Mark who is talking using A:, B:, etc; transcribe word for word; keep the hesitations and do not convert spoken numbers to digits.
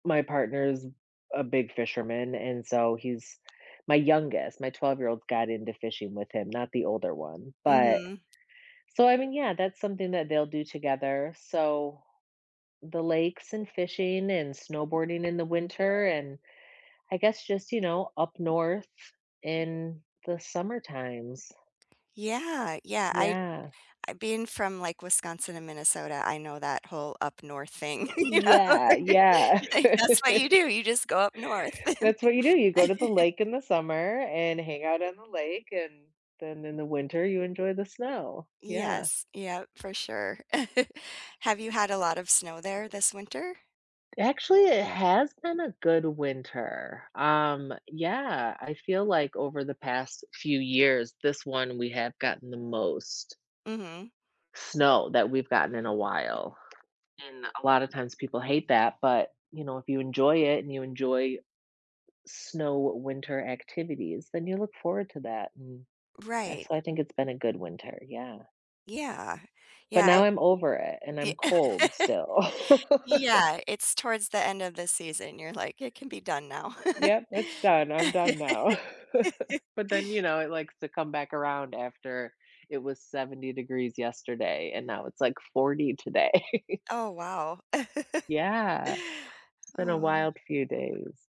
A: My partner's a big fisherman, and so he's my youngest, my twelve-year-old got into fishing with him, not the older one, but
B: Mhm.
A: so I mean, yeah, that's something that they'll do together, so the lakes and fishing and snowboarding in the winter and I guess just, you know, up north in the summer times.
B: Yeah, yeah, I
A: Yeah.
B: I being from, like, Wisconsin and Minnesota, I know that whole up north thing,
A: Yeah, yeah.
B: like, that's what you do, you just go up north.
A: That's what you do, you go to the lake in the summer and hang out on the lake, and then in the winter you enjoy the snow, yeah.
B: Yes, yep, for sure. Have you had a lot of snow there this winter?
A: Actually it has been a good winter, um, yeah, I feel like over the past few years this one we have gotten the most
B: Mhm.
A: snow that we've gotten in a while. And a lot of times people hate that, but, you know, if you enjoy it, and you enjoy snow winter activities, then you look forward to that m and
B: Right.
A: so I think it's been a good winter, yeah.
B: Yeah,
A: But
B: yeah I
A: now I'm over it, and
B: ye
A: I'm cold still.
B: Yeah, it's towards the end of the season you're like, "It can be done now."
A: Yep, it's done, I'm done now. But then, you know, it likes to come back around after it was seventy degrees yesterday, and now it's like forty today.
B: Oh, wow.
A: Yeah, it's been a
B: Oh.
A: wild few days.